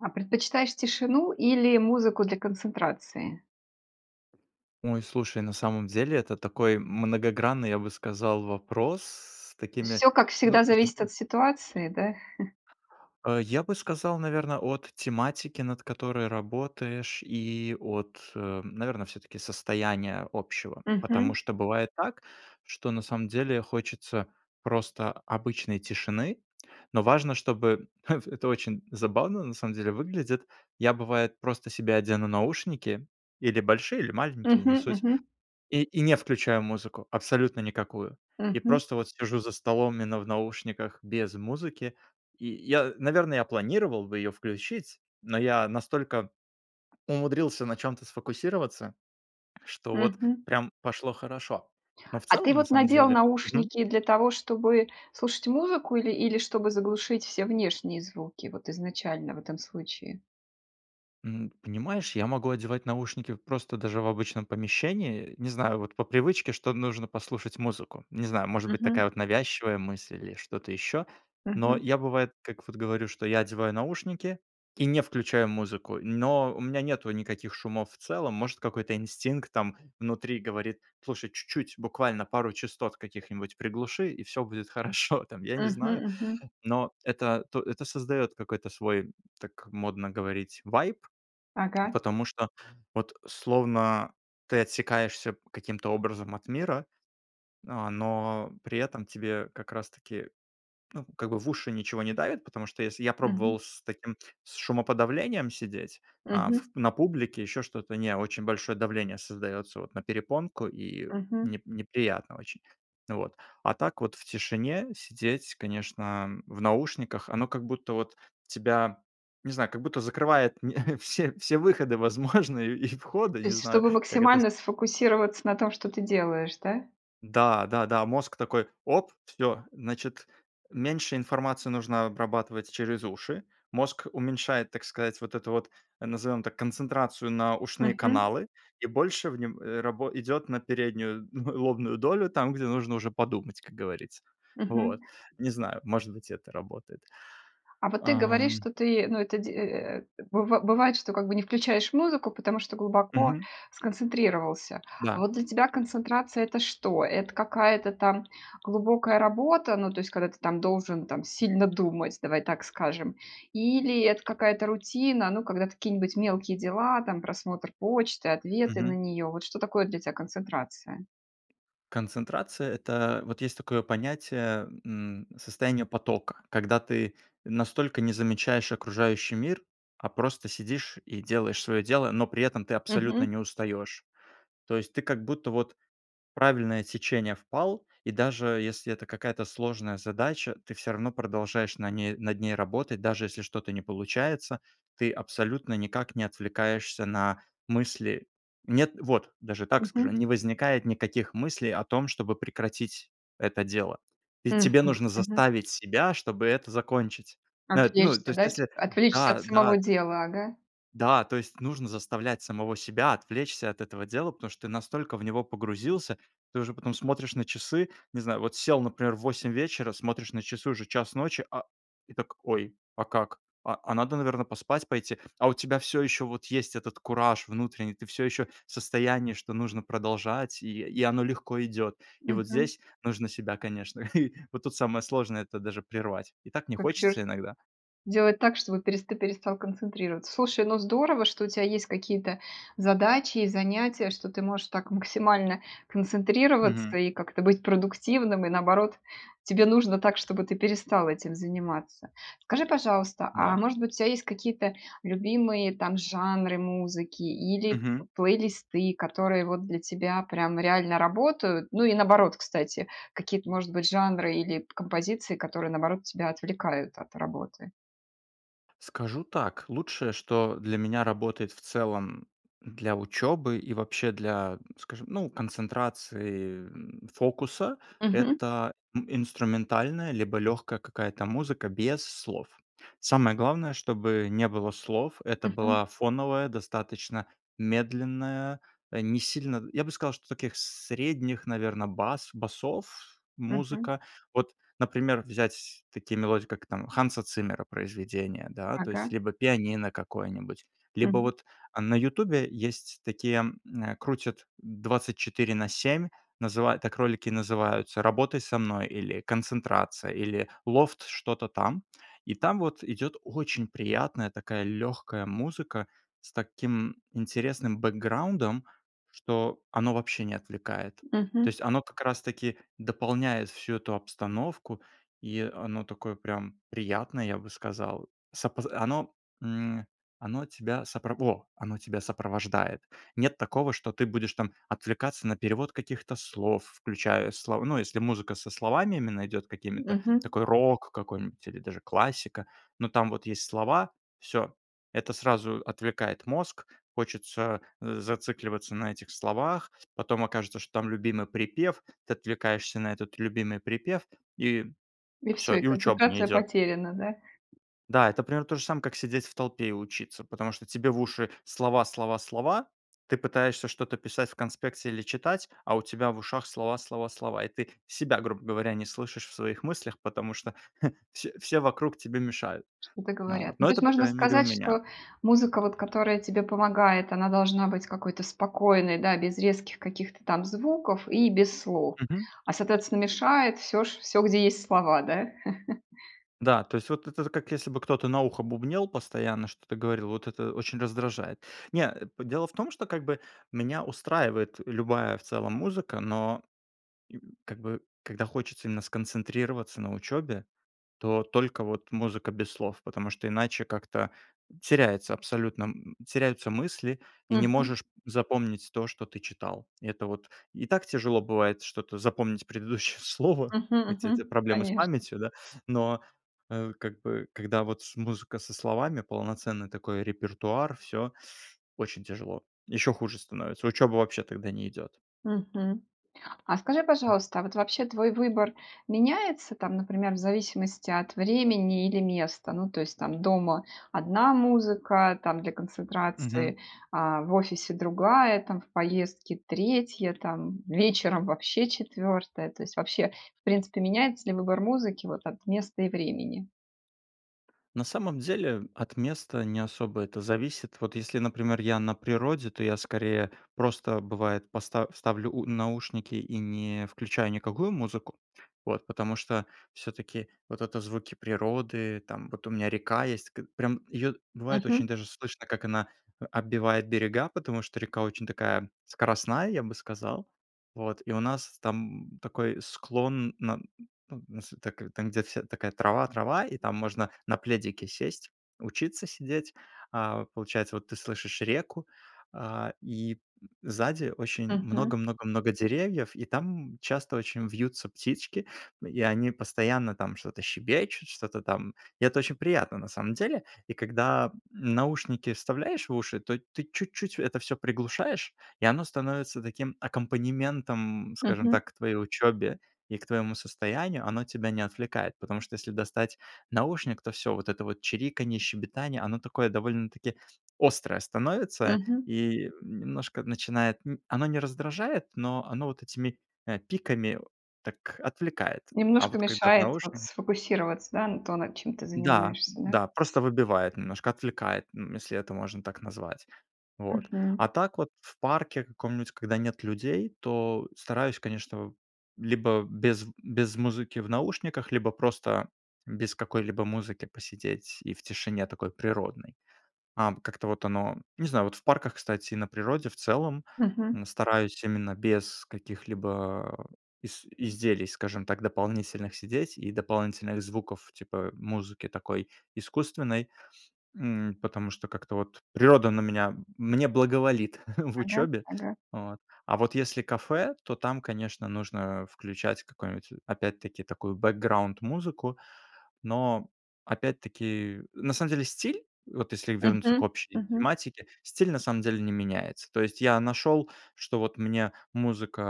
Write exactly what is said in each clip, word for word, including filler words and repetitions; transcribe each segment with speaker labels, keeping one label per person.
Speaker 1: А предпочитаешь тишину или музыку для концентрации?
Speaker 2: Ой, слушай, на самом деле это такой многогранный, я бы сказал, вопрос, с такими,
Speaker 1: Всё, как
Speaker 2: ну
Speaker 1: всегда, зависит от
Speaker 2: [unintelligible]
Speaker 1: ситуации, да?
Speaker 2: А, я бы сказал, наверно, от тематики, над которой работаешь, и от, а, наверно, всё-таки состояния общего. Потому
Speaker 1: Мгм.
Speaker 2: что бывает так, что на самом деле хочется просто обычной тишины. Но важно, чтобы в это очень забавно на самом деле выглядит. Я бывает просто себе одену наушники. Или большие, или маленькие, не
Speaker 1: Мгм
Speaker 2: суть.
Speaker 1: мгм.
Speaker 2: И и не включаю музыку, абсолютно никакую. И
Speaker 1: Мгм.
Speaker 2: просто вот сижу за столом именно в наушниках без музыки. И я наверно, я планировал бы ее включить, но я настолько умудрился на чём-то сфокусироваться, что вот
Speaker 1: Мгм.
Speaker 2: прям пошло хорошо. Но в
Speaker 1: А ты
Speaker 2: целом, на
Speaker 1: вот
Speaker 2: самом
Speaker 1: надел
Speaker 2: деле мгм.
Speaker 1: наушники для того, чтобы слушать музыку или или чтобы заглушить все внешние звуки, вот изначально, в этом случае?
Speaker 2: М, понимаешь, я могу одевать наушники просто даже в обычном помещении. Не знаю, вот по привычке, что нужно послушать музыку. Не знаю, может быть
Speaker 1: Мгм.
Speaker 2: такая вот навязчивая мысль, или что-то еще. Но
Speaker 1: Мгм.
Speaker 2: я бывает, как вот говорю, что я одеваю наушники, и не включаю музыку, но у меня нету никаких шумов в целом. Может какой-то инстинкт там внутри говорит: "Слушай, чуть-чуть, буквально пару частот каких-нибудь приглуши, и всё будет хорошо" там, я не
Speaker 1: Мгм
Speaker 2: знаю.
Speaker 1: мгм.
Speaker 2: Но это т это создает какой-то свой, так модно говорить, вайб.
Speaker 1: Ага.
Speaker 2: Потому что, вот словно ты отсекаешься каким-то образом от мира, а, но при этом тебе как раз таки, ну, как бы в уши ничего не давит, потому что если Я
Speaker 1: Мгм.
Speaker 2: пробовал с таким с шумоподавлением сидеть, а
Speaker 1: Мгм.
Speaker 2: в на публике, ещё что-то- не, очень большое давление создаётся вот на перепонку, и
Speaker 1: Мгм.
Speaker 2: не неприятно очень. Вот. А так вот в тишине сидеть конечно в наушниках, оно как будто вот тебя, не знаю, как будто закрывает не все все выходы возможные и входы,
Speaker 1: То
Speaker 2: не
Speaker 1: есть
Speaker 2: знаю,
Speaker 1: чтобы
Speaker 2: как это с
Speaker 1: максимально сфокусироваться на том, что ты делаешь, да?
Speaker 2: Да, да да. Мозг такой: "Оп, всё". Значит, меньше информации нужно обрабатывать через уши. Мозг уменьшает, так сказать, вот эту вот, назовем так, концентрацию на ушные
Speaker 1: Мгм.
Speaker 2: каналы, и больше в нём, э, рабо идет на переднюю, ну, лобную долю там, где нужно уже подумать, как говорится.
Speaker 1: Мгм.
Speaker 2: Вот. Не знаю, может быть это работает.
Speaker 1: А вот ты говоришь,
Speaker 2: Ам
Speaker 1: что ты, ну это де э, быва бывает, что как бы не включаешь музыку, потому что глубоко
Speaker 2: Мгм.
Speaker 1: сконцентрировался. А
Speaker 2: Да.
Speaker 1: вот для тебя концентрация- это что? Это какая-то там глубокая работа, ну то есть когда ты там должен там сильно думать, давай так скажем. Или это какая-то рутина, ну, когда какие-нибудь мелкие дела, там, просмотр почты, ответы на
Speaker 2: Мгм.
Speaker 1: нее. Вот что такое для тя концентрация?
Speaker 2: Концентрация- это вот есть такое понятие, м, состояние потока. Когда ты настолько не замечаешь окружающий мир, а просто сидишь и делаешь свое дело, но при этом ты абсолютно
Speaker 1: Мгм.
Speaker 2: не устаешь. То есть ты как будто вот правильное течение впал, и даже если это какая-то сложная задача, ты всё равно продолжаешь на ней над ней работать, даже если что-то не получается, ты абсолютно никак не отвлекаешься на мысли. Нет. Вот, даже так скажу,
Speaker 1: Мгм.
Speaker 2: не возникает никаких мыслей о том, чтобы прекратить это дело. Ведь
Speaker 1: Мгм
Speaker 2: тебе нужно
Speaker 1: мгм.
Speaker 2: заставить себя, чтобы это закончить. Нет, ну, то
Speaker 1: Отвлечься,
Speaker 2: есть
Speaker 1: да, типа.
Speaker 2: если
Speaker 1: Отвлечься от
Speaker 2: Да
Speaker 1: самого
Speaker 2: да т
Speaker 1: дела. Ага.
Speaker 2: Да, то есть нужно заставлять самого себя отвлечься от этого дела, потому что ты настолько в него погрузился. Ты уже потом смотришь на часы. Не знаю, вот сел, например, в восемь вечера, смотришь на часы, уже час ночи, а, и так: "Ой, а как? А а надо наверно поспать пойти?" А у тебя всё еще вот есть этот кураж внутренний, ты всё еще в состоянии, что нужно продолжать и и оно легко идет. И вот
Speaker 1: Мгм.
Speaker 2: здесь нужно себя конечно Вот тут самое сложное это даже прервать. И так не
Speaker 1: А где ж
Speaker 2: хочется иногда.
Speaker 1: Делать так, чтобы пересты перестал концентрироваться. Слушай, ну здорово, что у тя есть какие-то задачи и занятия, что ты можешь так максимально концентрироваться,
Speaker 2: Мгм.
Speaker 1: и как-то быть продуктивным. И, наоборот, тебе нужно так, чтобы ты перестал этим заниматься. Скажи, пожалуйста,
Speaker 2: Да.
Speaker 1: а может быть у тя есть какие-то любимые там жанры музыки или
Speaker 2: Мгм.
Speaker 1: плейлисты, которые вот для тебя прям реально работают? Ну и, наоборот, кстати, какие-то может быть жанры или композиции, которые наоборот тебя отвлекают от работы?
Speaker 2: Скажу так: лучшее, что для меня работает в целом для учёбы и вообще для, скажем, ну концентрации, м, фокуса-
Speaker 1: Мгм.
Speaker 2: это ин инструментальная либо лёгкая какая-то музыка без слов. Самое главное, чтобы не было слов. Это
Speaker 1: Мгм.
Speaker 2: была фоновая, достаточно медленная, а, не сильно Я бы сказал, что таких средних, наверно, бас басов,
Speaker 1: Мгм.
Speaker 2: музыка. Вот, например, взять такие мелодии, как там Ханса Циммера произведения, да, то есть
Speaker 1: Ага.
Speaker 2: либо пианино какое-нибудь, либо
Speaker 1: Мгм.
Speaker 2: вот, а, на "Ютубе" есть такие, эм, крутят двадцать четыре на семь, называют так ролики и называются "Работай со мной", или "Концентрация", или "Лофт", что-то там. И там вот идёт очень приятная такая лёгкая музыка с таким интересным бэкграундом, что оно вообще не отвлекает. То
Speaker 1: Мгм.
Speaker 2: есть оно как раз-таки дополняет всю эту обстановку, и оно такое прям приятное, я бы сказал. С опоз оно, м, оно тебя сопро Во! Оно тебя сопровождает. Нет такого, что ты будешь там отвлекаться на перевод каких-то слов, включая слова ну, если музыка со словами именно идёт какими-то,
Speaker 1: Мгм.
Speaker 2: такой рок какой-нибудь или даже классика, но там вот есть слова- всё. Это сразу отвлекает мозг, хочется, э, зацикливаться на этих словах, потом окажется, что там любимый припев, ты отвлекаешься на этот любимый припев- и
Speaker 1: И
Speaker 2: всё,
Speaker 1: всё, и
Speaker 2: и учёба не
Speaker 1: концентрация
Speaker 2: идёт.
Speaker 1: потеряна, да?
Speaker 2: Да, это примерно то же самое, как сидеть в толпе и учиться. Потому что тебе в уши- слова слова слова, ты пытаешься что-то писать в конспекте или читать, а у тебя в ушах- слова слова слова. И ты себя, грубо говоря, не слышишь в своих мыслях, потому что все все вокруг тебе мешают.
Speaker 1: Что-то
Speaker 2: Ну вот.
Speaker 1: говорят. Ну
Speaker 2: Но
Speaker 1: то есть
Speaker 2: это, по
Speaker 1: можно
Speaker 2: крайней мере, у
Speaker 1: сказать,
Speaker 2: меня.
Speaker 1: что музыка вот, которая тебе помогает, она должна быть какой-то спокойной, да, без резких каких-то там звуков и без слов.
Speaker 2: Мгм.
Speaker 1: А, соответственно, мешает всё ш всё, где есть слова, да?
Speaker 2: Да, то есть вот это з как если бы кто-то на ухо бубнел постоянно, что-то говорил,- вот это очень раздражает. Не, а, п Дело в том, что как бы меня устраивает любая в целом музыка, но как бы когда хочется именно сконцентрироваться на учёбе, то только вот музыка без слов, потому что иначе как-то теряется абсолютно, м, теряются мысли, и не
Speaker 1: Мгм.
Speaker 2: можешь запомнить то, что ты читал. Это вот и так тяжело бывает что-то запомнить, предыдущее слово,
Speaker 1: Мгм.
Speaker 2: эти у тя
Speaker 1: Мгм.
Speaker 2: проблемы с
Speaker 1: Конечно.
Speaker 2: памятью, да. Но, э, как бы когда вот с музыка со словами, полноценный такой репертуар- всё очень тяжело. Ещё хуже становится. Учёба вообще тогда не идёт.
Speaker 1: Мгм. А скажи, пожалуйста, а вот вообще твой выбор меняется там, например, в зависимости от времени или места? Ну то есть там дома- одна музыка там для
Speaker 2: Мгм.
Speaker 1: концентрации, а в офисе- другая там, в поездке- третья там, вечером вообще- четвёртая, то есть вообще, в принципе, меняется ли выбор музыки вот от места и времени?
Speaker 2: На самом деле, от места не особо это зависит. Вот если, например, я на природе, то я скорее просто, бывает, поста ставлю у наушники и не включаю никакую музыку. Вот. Потому что всё-таки вот это звуки природы, там, вот у меня река есть. К прям, ее бывает очень
Speaker 1: Мгм.
Speaker 2: даже слышно, как она о отбивает берега, потому что река очень такая скоростная, я бы сказал. Вот. И у нас там такой склон, нас так там, где вся такая трава-трава, и там можно на пледике сесть, учиться сидеть. А, получается, вот ты слышишь реку, а, и сзади очень
Speaker 1: Мгм.
Speaker 2: много-много-много деревьев, и там часто очень вьются птички, и они постоянно там что-то щебечут, что-то там. И это очень приятно, на самом деле. И когда наушники вставляешь в уши, то ты чуть-чуть это всё приглушаешь, и оно становится таким аккомпанементом, м, скажем
Speaker 1: Мгм.
Speaker 2: так, к твоей учебе, и к твоему состоянию. Оно тебя не отвлекает, потому что, если достать наушник, то всё вот это вот чириканье, щебетание, оно такое довольно-таки острое становится
Speaker 1: Мгм.
Speaker 2: и, немножко начинает н Оно не раздражает, но оно вот этими, э, пиками, так отвлекает. А
Speaker 1: Немножко
Speaker 2: вот когда в
Speaker 1: мешает вот
Speaker 2: наушнике
Speaker 1: сфокусироваться, да, н то, над чем ты
Speaker 2: Да,
Speaker 1: занимаешься, да?
Speaker 2: да, просто выбивает немножко, отвлекает, эм, если это можно так назвать. Вот. А
Speaker 1: Мгм.
Speaker 2: так вот в парке каком-нибудь, когда нет людей, то стараюсь, конечно, либо без без музыки в наушниках, либо просто без какой-либо музыки посидеть и в тишине такой природной. Ам, как-то вот оно Не знаю, вот в парках, кстати, и на природе в целом,
Speaker 1: Мгм.
Speaker 2: м, стараюсь именно без каких-либо ис изделий, скажем так, дополнительных сидеть, и дополнительных звуков, типа, музыки такой искусственной, м, потому что как-то вот природа на меня мне благоволит в
Speaker 1: Ага
Speaker 2: учебе.
Speaker 1: ага.
Speaker 2: Вот. А вот если кафе, то там, конечно, нужно включать какую-нибудь опять-таки такую бэкграунд музыку. Но, опять-таки, на самом деле, стиль, вот если вернуться к
Speaker 1: Мгм,
Speaker 2: общей
Speaker 1: мгм.
Speaker 2: тематике, стиль, на самом деле, не меняется. То есть, я нашел, что вот мне музыка,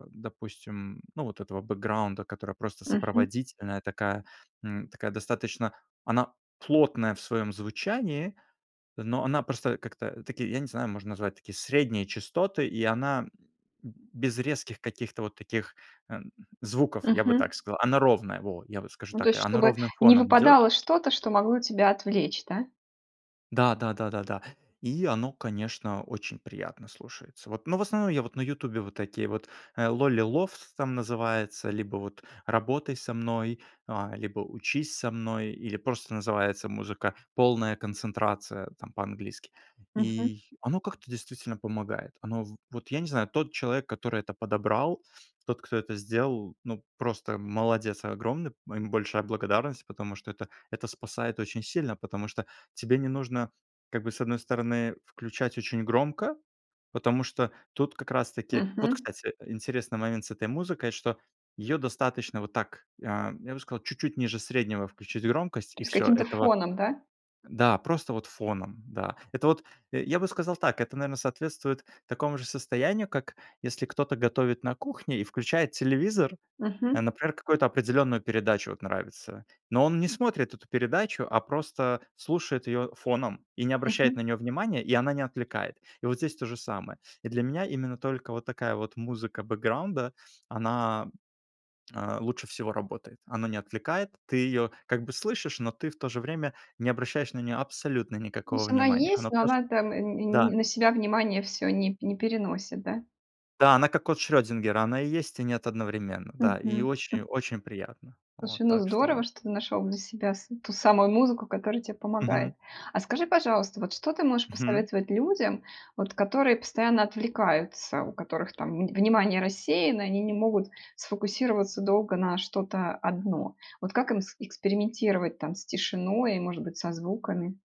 Speaker 2: а, допустим, ну вот этого бэкграунда, которая просто
Speaker 1: Мгм.
Speaker 2: сопроводительная, такая, эм, такая достаточно Она плотная в своем звучании, но она просто как-то, такие, я не знаю, можно назвать такие средние частоты, и она б без резких каких-то вот таких, эм, звуков, я бы
Speaker 1: Мгм.
Speaker 2: так сказал. Она ровная, во. Я вот скажу
Speaker 1: Ну, то
Speaker 2: так:
Speaker 1: есть
Speaker 2: она
Speaker 1: чтобы
Speaker 2: ровным
Speaker 1: не
Speaker 2: фоном идет.
Speaker 1: выпадало что-то, что могло тебя отвлечь, да?
Speaker 2: Да да да да да. И оно, конечно, очень приятно слушается. Вот. Но в основном я вот на "Ютубе" вот такие вот, э, lolly love там называется, либо вот "работай со мной", а, либо "учись со мной", или просто называется "музыка полная концентрация" там по-английски.
Speaker 1: Мгм.
Speaker 2: И оно как-то действительно помогает. Оно в вот я не знаю, тот человек, который это подобрал, тот, кто это сделал, ну просто молодец огромный, м, ему большая благодарность, потому что это это спасает очень сильно. Потому что тебе не нужно как бы, с одной стороны, включать очень громко. Потому что тут как раз-таки Вот,
Speaker 1: Мгм.
Speaker 2: кстати, интересный момент с этой музыкой, что её достаточно вот так, а, я бы сказал, чуть-чуть ниже среднего включить громкость-
Speaker 1: То
Speaker 2: и
Speaker 1: есть
Speaker 2: всё,
Speaker 1: каким-то
Speaker 2: этого
Speaker 1: фоном, да?
Speaker 2: Да, просто вот фоном, да. Это вот, э, я бы сказал так, это наверно соответствует такому же состоянию, как если кто-то готовит на кухне и включает телевизор, э,
Speaker 1: Мгм.
Speaker 2: например, какую-то определенную передачу- вот нравится. Но он не смотрит эту передачу, а просто слушает её фоном и не обращает на
Speaker 1: Мгм.
Speaker 2: неё внимания, и она не отвлекает. И вот здесь то же самое. И для меня именно только вот такая вот музыка бэкграунда, она, а, лучше всего работает. Она не отвлекает, ты её как бы слышишь, но ты в то же время не обращаешь на неё абсолютно никакого
Speaker 1: тсть она
Speaker 2: внимания. Она
Speaker 1: есть, но
Speaker 2: просто
Speaker 1: она там н не
Speaker 2: Да.
Speaker 1: н на себя внимание всё не п не переносит, да?
Speaker 2: Да она как кот Шрёдингера, она и есть, и нет одновременно,
Speaker 1: Мгм,
Speaker 2: да, и
Speaker 1: хм.
Speaker 2: очень-очень приятно. Вот,
Speaker 1: Слушай, ну
Speaker 2: так
Speaker 1: здорово,
Speaker 2: что
Speaker 1: что ты нашел для себя с ту самую музыку, которая те
Speaker 2: Мгм.
Speaker 1: помогает. А скажи, пожалуйста, вот что ты можешь
Speaker 2: Хм.
Speaker 1: посоветовать людям, вот которые постоянно отвлекаются, у которых, там вн внимание рассеяно, и они не могут сфокусироваться долго на что-то одно. Вот как им с экспериментировать, там с тишиной, и может быть со звуками?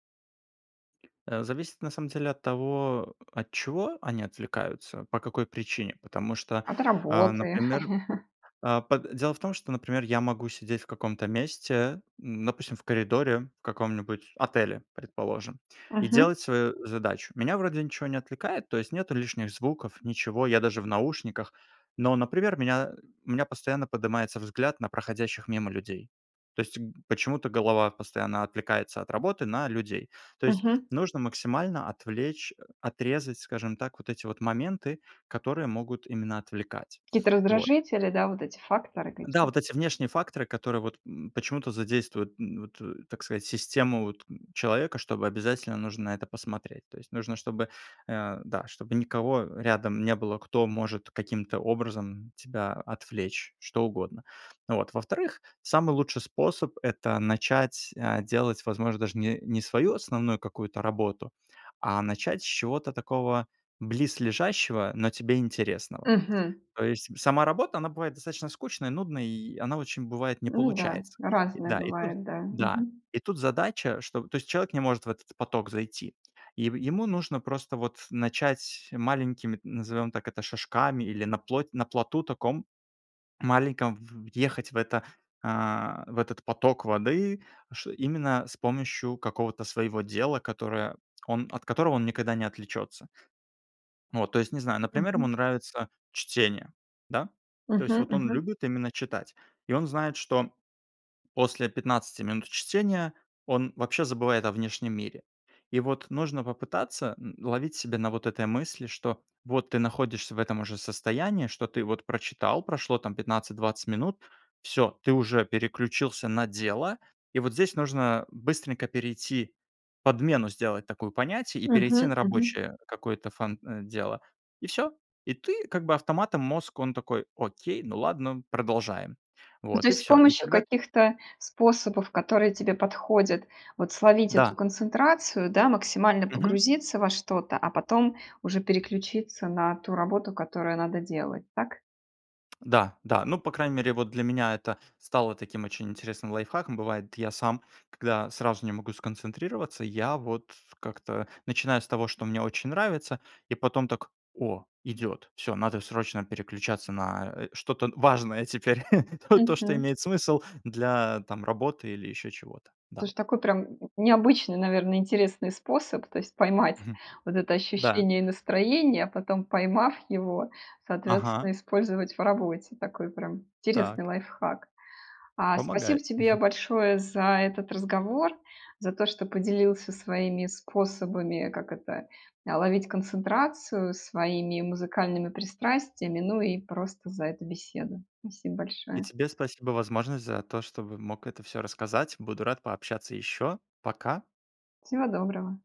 Speaker 2: Э, зависит, на самом деле, от того, от чего они отвлекаются, по какой причине. Потому что,
Speaker 1: От
Speaker 2: а,
Speaker 1: работы.
Speaker 2: например, а, по дело в том, что, например, я могу сидеть в каком-то месте, допустим, в коридоре, в каком-нибудь отеле, предположим, и
Speaker 1: Мгм.
Speaker 2: делать свою задачу. Меня вроде ничего не отвлекает, то есть, нету лишних звуков, ничего, я даже в наушниках, но, например, у меня у меня постоянно поднимается взгляд на проходящих мимо людей. То есть г почему-то голова постоянно отвлекается от работы на людей. То есть,
Speaker 1: Мгм.
Speaker 2: нужно максимально отвлечь, отрезать, скажем так, вот эти вот моменты, которые могут именно отвлекать.
Speaker 1: Какие-то
Speaker 2: Вот.
Speaker 1: раздражители, да, вот эти факторы,
Speaker 2: Да,
Speaker 1: какие.
Speaker 2: вот эти внешние факторы, которые, вот, эм, почему-то задействуют, м, вот, так сказать, систему, вот человека, чтобы обязательно нужно на это посмотреть. То есть нужно, чтобы, э, да, чтобы никого рядом не было, кто может каким-то образом тебя отвлечь, что угодно. Вот. Во-вторых, самый лучший способ- это начать, а, делать, возможно, даже не не свою основную какую-то работу, а начать с чего-то такого близлежащего, но тебе интересного.
Speaker 1: Мгм.
Speaker 2: То есть сама работа, она бывает достаточно скучной, нудной, и она очень бывает не
Speaker 1: Ну да.
Speaker 2: получается.
Speaker 1: Разное
Speaker 2: Да и тут
Speaker 1: бывает. Да.
Speaker 2: да,
Speaker 1: Мгм.
Speaker 2: и тут задача, что, то есть человек не может в этот поток зайти. И в ему нужно просто вот начать маленькими, назовем так это, шажками или на плоть на плоту таком маленьком в въехать в это, а, в этот поток воды, ш именно с помощью какого-то своего дела, которое он от которого он никогда не отвлечется. Вот, то есть не знаю,
Speaker 1: М
Speaker 2: например, ему
Speaker 1: мгм.
Speaker 2: нравится чтение, да? То есть
Speaker 1: Мгм
Speaker 2: вот он
Speaker 1: мгм.
Speaker 2: любит именно читать и он знает, что после пятнадцать минут чтения он вообще забывает о внешнем мире. И вот нужно попытаться н ловить себя на вот этой мысли, что вот ты находишься в этом уже состоянии, что ты вот прочитал, прошло там пятнадцать двадцать минут, всё ты уже переключился на дело, и вот здесь нужно быстренько перейти, подмену сделать такую понятий, и
Speaker 1: Мгм
Speaker 2: перейти на
Speaker 1: мгм.
Speaker 2: рабочее какое-то фан э, дело И всё. И ты как бы автоматом мозг, он такой окей, ну ладно, продолжаем.
Speaker 1: Ну, то
Speaker 2: Вот и
Speaker 1: есть с
Speaker 2: всё. И
Speaker 1: помощью
Speaker 2: тогда
Speaker 1: каких-то способов, которые тебе подходят, вот словить эту
Speaker 2: Да.
Speaker 1: концентрацию, да, максимально
Speaker 2: Мгм.
Speaker 1: погрузиться во что-то, а потом уже переключиться на ту работу, которую надо делать, так?
Speaker 2: Да да. Ну по крайней мере вот для меня это стало таким очень интересным лайфхаком. Бывает, я сам, когда сразу не могу сконцентрироваться, я вот как-то начиная с того, что мне очень нравится и потом так: "О, идет! Всё, надо срочно переключаться на, э, что-то важное теперь." Ну то, что
Speaker 1: Мгм.
Speaker 2: имеет смысл для, там работы, или еще чего-то, да.
Speaker 1: Слушай, такой прям н необычный, наверное, интересный способ, то есть поймать
Speaker 2: Мгм.
Speaker 1: вот это
Speaker 2: Да.
Speaker 1: ощущение и настроение, а потом, поймав его,
Speaker 2: Ага.
Speaker 1: соответственно, использовать в работе. Такой прям интересный
Speaker 2: Так.
Speaker 1: лайфхак. А, спасибо
Speaker 2: Помогает.
Speaker 1: тебе большое за этот разговор, за то, что поделился своими способами, как это, а, ловить концентрацию, своими музыкальными пристрастиями, ну и просто за эту беседу. Спасибо
Speaker 2: И
Speaker 1: большое!
Speaker 2: тебе спасибо возможность, за то, чтобы мог это всё рассказать. Буду рад пообщаться ещё. Пока.
Speaker 1: Всего доброго!